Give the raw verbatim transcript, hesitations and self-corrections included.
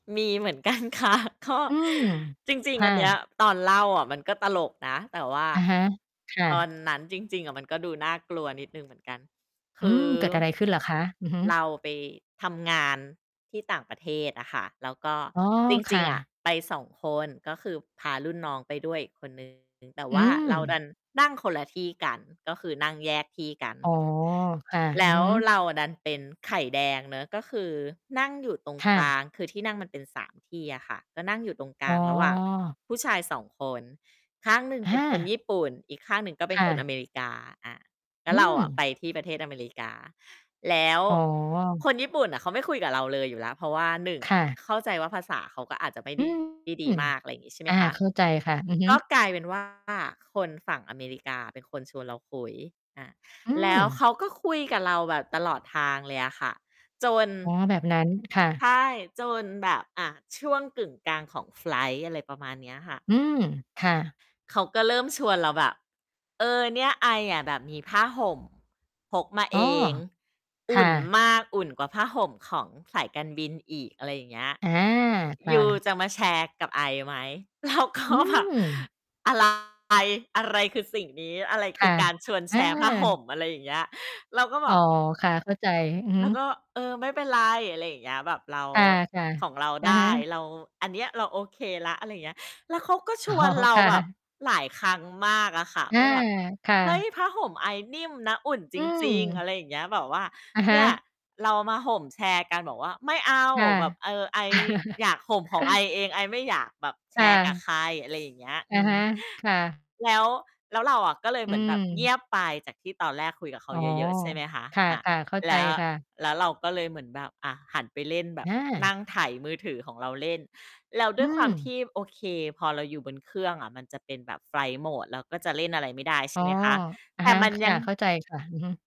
มีเหมือน กันค่ะ ก็ อืม จริง คๆ อ่ันเนี้ย ะ ตอนเล่าอะมันก็ตลกนะ แต่ว่าอะฮะ ค่ตอะ นนั้นจริง ๆ อะ มันก็ดูน่ากลัวนิดหนึ่งเหมือนกัน คอืืม อ เกิดอะไรขึ้นเหรอคะ? อือฮึ เราไปทำงานที่ต่างประเทศอะค่ะ แล้วก็อ๋อ จรคิ่ง ๆ อะะ ไป สอง คน ก็คือพารุ่นน้องไปด้วยอีกคน หนึ่ง แต่อวื่าเราดม ันนั่งคนละที่กัน ก็คือนั่งแยกที่กัน อ๋อ ค่ะ แลอือ้ฮวึ เราอะดันเป็นไข่แดงเนาะ ก็คือนั่งอยู่ตรงคก่ละ าง คือที่นั่งมันเป็น สาม ที่อะค่ะ ก็นั่งอยู่ตรงกอล๋าอ งระหว่างผู้ชาย สอง คน ข้างหนึ่งอเป็นคนา ญี่ปุ่น อีกข้างหนึ่งก็เป็คน่คนะ อเมริกา อา แล้อวืเราอะไปม ที่ประเทศอเมริกา แล้วอ๋อ คนญี่ปุ่นน่ะ เขาไม่คุยกับเราเลยอยู่แล้ว เพราะว่า หนึ่ง ค่ะ เข้าใจว่าภาษาเขาก็อาจจะไม่ อไืด้ ม ได้ดีมาก อะไรอย่างงี้ ใช่ไหอมา คะ เข้าใจค่ะ อือฮึ ก็กลายเป็น ว่า คนฝั่งอเมริกาเป็นคนชวนเราคุย อา อืแล้วเม ขาก็คุยกับเราแบบตลอดทางเลยอะค่ะ จน อ๋อ แบบนั้น ค่ใะ ช่ จนแบบ อา ช่วงกึ่งกลางของไฟลต์ อะไรประมาณเนี้ยค่ะ อืม ค่ะ เขาก็เริ่มชวนเราแบบ "เออ เนี่ย ไออะแบบมีผ้าห่มพกมาอเ๋อ อง คอุ่่ะ นมาก อุ่นกว่าผ้าห่มของสายการบินอีก" อะไรอย่างเงี้ย อา ค"ยู่ะ จะมาแชร์กับไอไหม?" เราก็อืแบบ ม อะ ไร อะไรคือสิ่งนี้ อะไรคคื่อะ การชวนแอชร์ผ้าหา ่ม อะไรอย่างเงี้ย เราก็บอ๋อ อก ค่ะ เข้าใจ อือเฮราึ ก็ "เออ ไม่เป็นไร อะไรอย่างเงี้ย แบบเรา อา ค่ะ ของเราอะไดฮ้ ะ เรา อันเนี้ย เราโอเคแล้ว" อะไรอย่างเงี้ย แล้วเขาก็ชอ๋อ วนเราค่แบบะ หลายครั้งมากอะค่ะ อวา ่าแบบ ค่"เฮ้ย ะ ผ้าห่มไอนิ่มนะ อุ่นจอืริง ๆ อะม ไรอย่างเงี้ย แบบว่า อะฮเนีะ ่ย เรามาห่มแชร์กัน" บอกว่า "ไม่เอา ค่แบบ เะ ออ ไออยากห่มของไอเอง ไอไม่อยากแบบแชค่ร์กับะ ใคร" อะไรอย่างเงี้ย ออะืม ฮะ ค่ะ แล้ว แล้วเราอะ ก็เลยอเืหมือนแบบเงีม ยบไป จากที่ตอนแรกคุยกับเขาอ๋อ เยอะ ๆ ใช่ไหมคะ คอา ่ะ ๆ เข้าแใจล้ว ค่ะ แล้วเราก็เลยเหมือนแบบ อา หันไปเล่นแบบ อนัา ่งไถมือถือของเราเล่น แล้วดอ้ืวยความทม ี่ โอเค พอเราอยู่บนเครื่องอะ มันจะเป็นแบบไฟลต์โหมด แล้วก็จะเล่นอะไรไม่ได้ ใอช๋่อ ไหมคะ อะแต่ฮะ มันคย่ัะ ง เข้าใจค่ะ อือฮึ